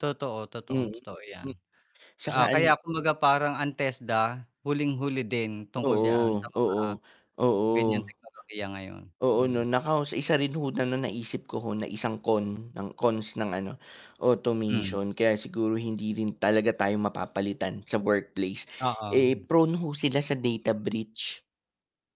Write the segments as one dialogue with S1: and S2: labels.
S1: Totoo,
S2: Mm,
S1: totoong-totoo yan.
S2: hmm, saka
S1: Ah,
S2: ano
S1: kaya kumbaga parang ang TESDA, huling-huli din tungkol diyan sa
S2: Oo,
S1: mga,
S2: oo.
S1: ganiyan
S2: Oo.
S1: teknolohiya ngayon,
S2: Oo 'no
S1: mm.
S2: nako, sa isa rin ho na na naisip ko ho na isang con ng cons ng ano,
S1: Hmm.
S2: automation kaya siguro hindi rin talaga tayo mapapalitan sa workplace,
S1: Oo.
S2: eh, prone ho sila sa data breach.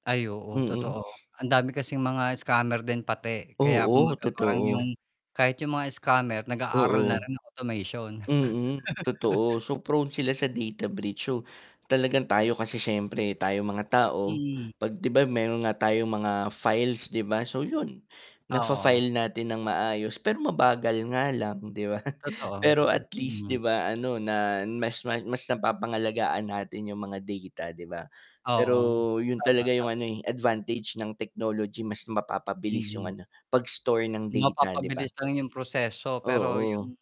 S1: Ay, oo
S2: Mm.
S1: totoo. Ang dami kasing mga scammer din pati, kaya
S2: Oo,
S1: kumbaga parang yung
S2: totoo.
S1: kahit yung mga scammer nag-aaral na
S2: Oo.
S1: rin ng automation.
S2: Mm, totoo, so prone sila sa data breach so, talagang tayo kasi siyempre tayong mga tao,
S1: Mm.
S2: 'pag 'di ba yung mayro'n nga tayong mga files 'di ba? So 'yun,
S1: Oo.
S2: nafa-file natin nang maayos pero mabagal nga lang 'di ba?
S1: Totoo,
S2: Pero at least 'di
S1: mm.
S2: ba, ano na mas ma mas napapangalagaan natin yung mga data, 'di ba? Pero
S1: Oo.
S2: 'yun
S1: Tama,
S2: talaga yung
S1: tama.
S2: ano, eh, advantage ng technology, mas mapapabilis yung
S1: Mm.
S2: ano, pag-store ng data, 'di ba?
S1: Mapapabilis lang yung proseso pero
S2: Oo.
S1: yung,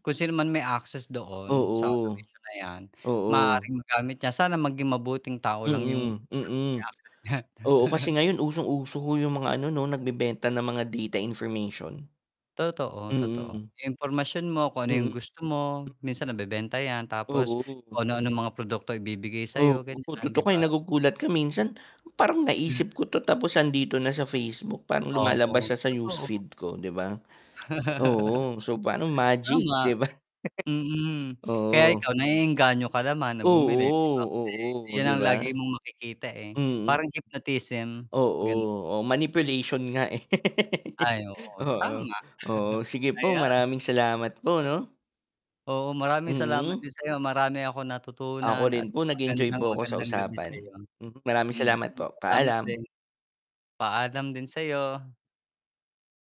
S1: kung sino man may access doon sa
S2: Oo.
S1: automation na yan,
S2: Oo.
S1: maaaring magamit niya. Sana maging mabuting tao lang yung
S2: Mm,
S1: may
S2: mm.
S1: access.
S2: Oo, kasi ngayon usong-uso ho yung mga ano 'no, nagbebenta ng mga data information.
S1: Totoo, totoo.
S2: Mm.
S1: Yung impormasyon mo, kung ano yung
S2: Mm.
S1: gusto mo, minsan nabebenta yan. Tapos
S2: Oo.
S1: kung ano-anong mga produkto ibibigay sa'yo,
S2: Oo,
S1: ganyan 'di
S2: tutok ka eh,
S1: ba?
S2: nagugulat ka minsan, parang
S1: Hmm.
S2: naisip ko 'to, tapos 'andito na sa Facebook, parang
S1: Oo,
S2: lumalabas siya sa
S1: totoo.
S2: newsfeed ko, 'di ba? Oo, so parang magic,
S1: Tama.
S2: 'di ba?
S1: Mm, kaya
S2: Oo.
S1: ikaw naeengganyo ka naman na
S2: Oo,
S1: bumili 'di ba, kasi
S2: oo,
S1: 'yun
S2: 'di
S1: ang
S2: ba?
S1: lagi mong makikita, eh,
S2: Mm.
S1: parang hypnotism,
S2: Oo,
S1: gano'n.
S2: oh, manipulation nga, eh.
S1: Ay, oo,
S2: Oo.
S1: tama.
S2: Oo, sige po,
S1: Ayan.
S2: maraming salamat po 'no.
S1: Oo, maraming salamat
S2: Mm.
S1: din sa'yo. Marami akong natutunan
S2: Ako
S1: at
S2: rin po nag-enjoy
S1: magandang,
S2: po ako sa
S1: magandang gabi
S2: usapan.
S1: sa'yo.
S2: Hmm, maraming salamat
S1: Mhm,
S2: po,
S1: salamat din.
S2: paalam.
S1: Paalam din sa'yo.